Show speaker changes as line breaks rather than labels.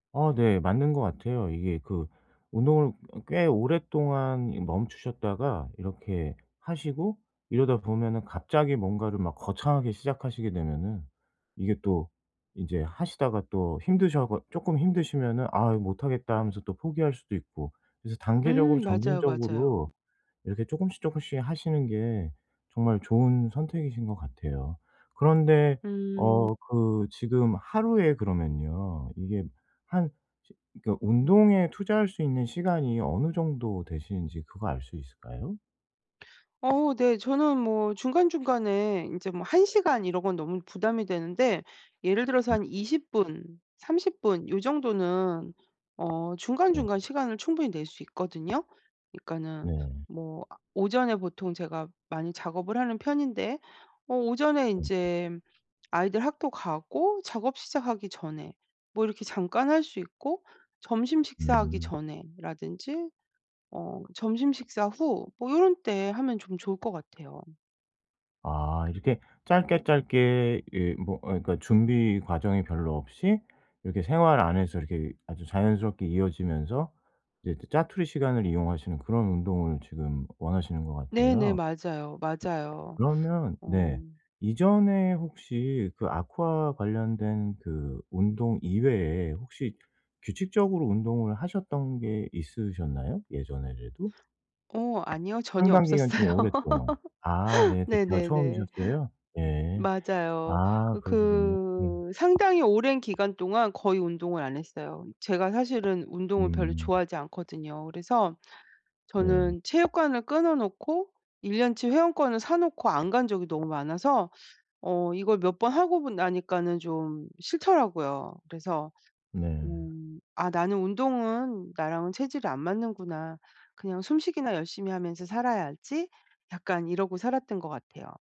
어 네. 맞는 것 같아요. 이게 그 운동을 어 꽤 오랫동안 이 멈추셨다가 이렇게 하시고 이러다 보면은 갑자기 뭔가를 막 거창하게 시작하시게 되면은 이게 또 인제 하시다가 또 힘드셔 가 쪼끔 힘드시면은 "아 못하겠다." 하면서 또 포기할 수도 있고. 그래서
음.
단계적으로
맞아요. 맞아요.
점진적으로 이렇게 쪼금씩 쪼금씩 하시는 게 정말 좋은 선택이신 것 같아요. 그런데
음.
어 그 지금 하루에 그러면요. 이게 한 지 그니까 운동에 투자할 수 있는 시간이 어느 정도 되시는지 그거 알 수 있을까요?
어 네. 저는 뭐 중간중간에 이제 뭐 1 시간 이런 건 너무 부담이 되는데 예를 들어서
네.
한 20 분 30 분 이 정도는 어
어.
중간중간 시간을 충분히 낼 수 있거든요? 그니까는
네.
뭐 아 오전에 보통 제가 많이 작업을 하는 편인데 어 오전에
음음.
인제 아이들 학교 가고 작업 시작하기 전에 뭐 이렇게 잠깐 할 수 있고 점심 식사하기
음.
전에라든지 어 점심식사 후 뭐 이런 때 하면 좀 좋을 것 같아요.
아. 이렇게 짧게 짧게 예 뭐 아 그러니까 준비 과정이 별로 없이 이렇게 생활 안에서 이렇게 아주 자연스럽게 이어지면서 이제 또 자투리 시간을 이용하시는 그런 운동을 지금 원하시는 것
네네.
같아요. 예
맞아요. 맞아요.
그러면
어.
네 이전에 혹시 그 아쿠아 관련된 그 운동 이외에 혹시 규칙적으로 운동을 하셨던 게 있으셨나요? 예전에라도?
어 아니요. 전혀
상당 기간 좀
없었어요.
오랫동안. 아 네. 그때가
네네네. 음
처음이셨어요? 예.
맞아요.
아
어
그러시군요. 음.
그 상당히 오랜 기간 동안 거의 운동을 안 했어요. 이 제가 사실은 운동을 별로
음.
좋아하지 않거든요. 그래서
네.
저는 체육관을 끊어놓고 1 년치 회원권을 사놓고 안 간 적이 너무 많아서 어 이걸 몇 번 하고 보 나니까는 좀 싫더라고요. 그래서
네.
'음 아 나는 운동은 나랑은 체질이 안 맞는구나. 그냥 숨쉬기나 열심히 하면서 살아야지.' 약간 이러고 살았던 것 같아요.